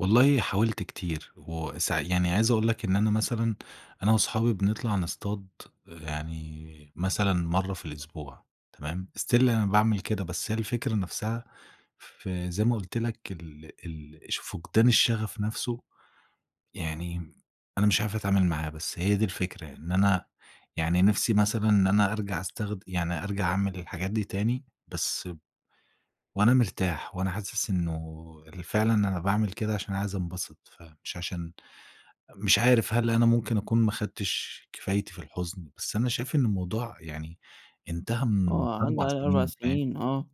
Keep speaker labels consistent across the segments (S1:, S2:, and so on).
S1: والله حاولت كتير وسع يعني عايز اقول لك إن أنا مثلًا، أنا واصحابي بنطلع نصطاد يعني مثلًا مرة في الأسبوع، تمام، still أنا باعمل كده. بس هي الفكرة نفسها في زي ما قُلت لك ال ال ش فُقدان الشغف نفسه، يعني أنا مش عارف اتعامل معاها. بس هي دي الفكرة، إن أنا يعني نفسي مثلًا إن أنا أرجع استخد يعني أرجع أعمل الحاجات دي تاني، بس ب وأنا مرتاح، وأنا حاسس إنه ال فعلًا أنا باعمل كده عشان أنا عايز انبسط، فمش عشان مش عارف هل أنا ممكن اكون ما اخدتش كفايتي في الحزن، بس أنا شايف إن الموضوع يعني انتهى من
S2: آه، عدّى
S1: 4
S2: عليه 4
S1: سنين، فاهم؟
S2: سنين آه.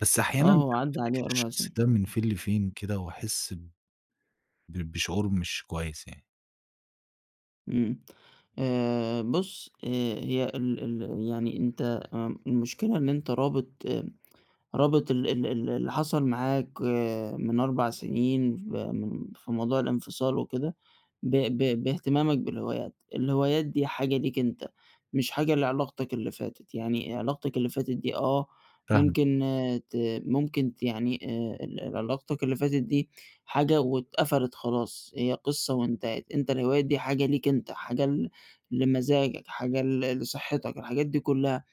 S1: بس أحيانًا
S2: آه، هو عدّى عليه
S1: بافتكر
S2: 4
S1: الشخص
S2: سنين.
S1: ده من فين لفين كده واحس ب ب بشعور مش كويس يعني.
S2: إمم. آآ، بُص آآ، هي ال ال يعني أنت آمم، المشكلة إن أنت رابط رابط ال ال ال اللي حصل معاك من 4 سنين، ف م في موضوع الانفصال وكده، ب ب باهتمامك بالهوايات. الهوايات دي حاجة ليك أنت، مش حاجة لعلاقتك اللي فاتت، يعني علاقتك اللي فاتت دي آه،
S1: فاهمك.
S2: ممكن ت ممكن ت يعني آآ، ال علاقتك اللي فاتت دي حاجة واتقَفَلِت خلاص، هي قصة وانتهت، أنت الهوايات دي حاجة ليك أنت، حاجة ل لمزاجك، حاجة ل لصحتك، الحاجات دي كلها.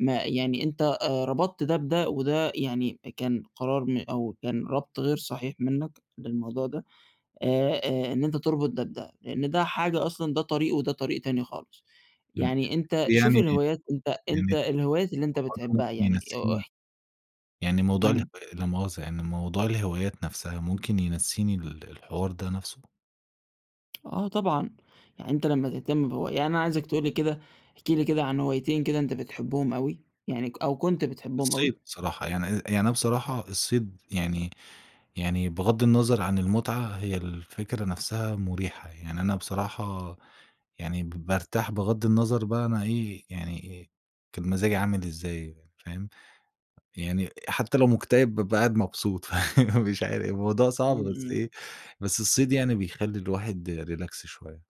S2: ما يعني أنت آآ، ربطت ده بده وده يعني كان قرار م أو كان رَبْط غير صحيح منك للموضوع ده، آآ، آآ، إن أنت تربط ده بده، لإن ده حاجة أصلًا ده طريق وده طريق تاني خالص.
S1: إمم.
S2: يعني أنت شوف
S1: يعني
S2: الهوايات، أنت أنت
S1: يعني
S2: الهوايات اللي أنت
S1: [unintelligible]
S2: بتحبها يعني أو
S1: ينسيني
S2: اح
S1: يعني موضوع اله
S2: إمم.
S1: لا مؤاخذه يعني، موضوع الهوايات نفسها ممكن ينسيني ال الحوار ده نفسه؟
S2: آه، طبعًا يعني أنت لمّا تهتم بهوا يعني أنا عايزك تقول لي كده، احكِ لي كده عن هوايتين كده أنت بتحبهم أوي، يعني ك أو كنت بتحبهم أوي؟
S1: الصيد صراحة، يعني أ يعني أنا بصراحة الصيد يعني يعني بغض النَظَر عن المتعة، هي الفكرة نفسها مُريحة. يعني أنا بصراحة يعني ب بارتاح بغض النظر بقى أنا إيه، يعني أ كان مزاجي عامل إزاي، فاهم؟ يعني حتى لو مُكتئِب بابقى قاعد مبسوط، فمش عارف. الموضوع صعب،
S2: إمم،
S1: بس
S2: إمم.
S1: إيه، بس الصيد يعني بيخلّي الواحد relax شوية.